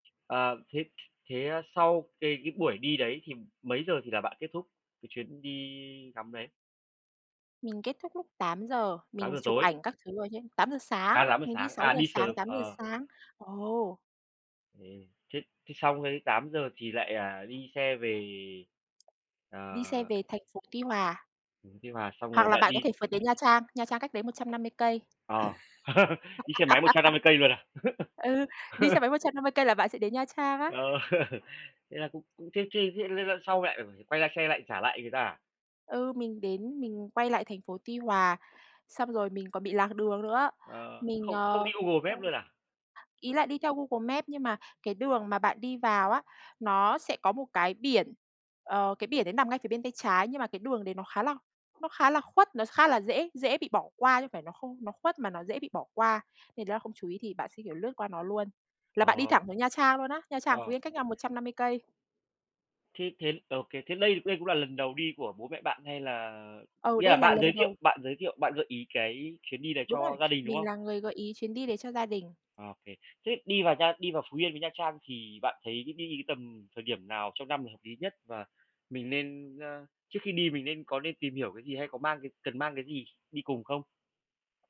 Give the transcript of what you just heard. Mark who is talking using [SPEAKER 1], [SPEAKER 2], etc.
[SPEAKER 1] Ờ, thế thế sau cái cái buổi đi đấy thì mấy giờ thì là bạn kết thúc cái chuyến đi ngắm đấy?
[SPEAKER 2] Mình kết thúc lúc 8:00,
[SPEAKER 1] tám
[SPEAKER 2] mình
[SPEAKER 1] giờ
[SPEAKER 2] chụp
[SPEAKER 1] tối.
[SPEAKER 2] ảnh các thứ rồi nhá, 8:00 sáng,
[SPEAKER 1] À, 8:00
[SPEAKER 2] mình đi
[SPEAKER 1] sáng,
[SPEAKER 2] sáu
[SPEAKER 1] à,
[SPEAKER 2] giờ
[SPEAKER 1] đi
[SPEAKER 2] sáng,
[SPEAKER 1] sớm,
[SPEAKER 2] 8:00
[SPEAKER 1] ờ.
[SPEAKER 2] sáng. Ồ!
[SPEAKER 1] Ừm, thế thế xong cái 8:00 thì lại, à, đi xe về,
[SPEAKER 2] Đi xe
[SPEAKER 1] ờ
[SPEAKER 2] về thành phố Tuy Hòa.
[SPEAKER 1] xuống Tuy Hòa xong
[SPEAKER 2] Hoặc
[SPEAKER 1] rồi
[SPEAKER 2] là
[SPEAKER 1] lại
[SPEAKER 2] bạn có
[SPEAKER 1] đi.
[SPEAKER 2] thể phượt đến Nha Trang, Nha Trang cách đấy 150 cây.
[SPEAKER 1] Ờ. Đi xe máy một trăm năm mươi cây luôn à?
[SPEAKER 2] Ừ, đi xe máy 150 cây là bạn sẽ đến Nha Trang á.
[SPEAKER 1] Ờ, thế là cũng cũng thế thế thế là là sau lại phải quay ra xe lại trả lại người ta à?
[SPEAKER 2] Ừ, mình đến, mình quay lại thành phố Tuy Hòa, xong rồi mình còn bị lạc đường nữa.
[SPEAKER 1] Ờ,
[SPEAKER 2] Mình,
[SPEAKER 1] không không
[SPEAKER 2] ờ,
[SPEAKER 1] đi Google
[SPEAKER 2] ơ
[SPEAKER 1] Maps luôn à?
[SPEAKER 2] ý là đi theo Google Maps nhưng mà cái đường mà bạn đi vào á, nó sẽ có một cái biển, ờ, cái biển đấy nằm ngay phía bên tay trái, nhưng mà cái đường đấy nó khá là nó khá là khuất, nó khá là dễ dễ bị bỏ qua chứ không phải nó không nó khuất mà nó dễ bị bỏ qua. Thì đó, không chú ý thì bạn sẽ, kiểu, lướt qua nó luôn, là bạn đi
[SPEAKER 1] Ờ.
[SPEAKER 2] thẳng xuống Nha Trang luôn á. Nha Trang, Phú
[SPEAKER 1] Ờ.
[SPEAKER 2] Yên cách nhau 150 cây.
[SPEAKER 1] Thế thế, ờ, ô kê. Thế đây đây cũng là lần đầu đi của bố mẹ bạn hay là
[SPEAKER 2] Ừ,
[SPEAKER 1] nghĩa
[SPEAKER 2] đây
[SPEAKER 1] là
[SPEAKER 2] là
[SPEAKER 1] bạn
[SPEAKER 2] lần
[SPEAKER 1] giới thiệu
[SPEAKER 2] đầu.
[SPEAKER 1] bạn giới thiệu, bạn gợi ý cái chuyến đi này
[SPEAKER 2] Đúng rồi,
[SPEAKER 1] cho gia đình, đúng
[SPEAKER 2] mình
[SPEAKER 1] không?
[SPEAKER 2] là người gợi ý chuyến đi đấy cho gia đình.
[SPEAKER 1] Ô kê. Thế đi vào nha đi vào Phú Yên với Nha Trang thì bạn thấy đi cái tầm thời điểm nào trong năm là hợp lý nhất, và mình nên, ơ trước khi đi mình nên có nên tìm hiểu cái gì, hay có mang cái cần mang cái gì đi cùng không?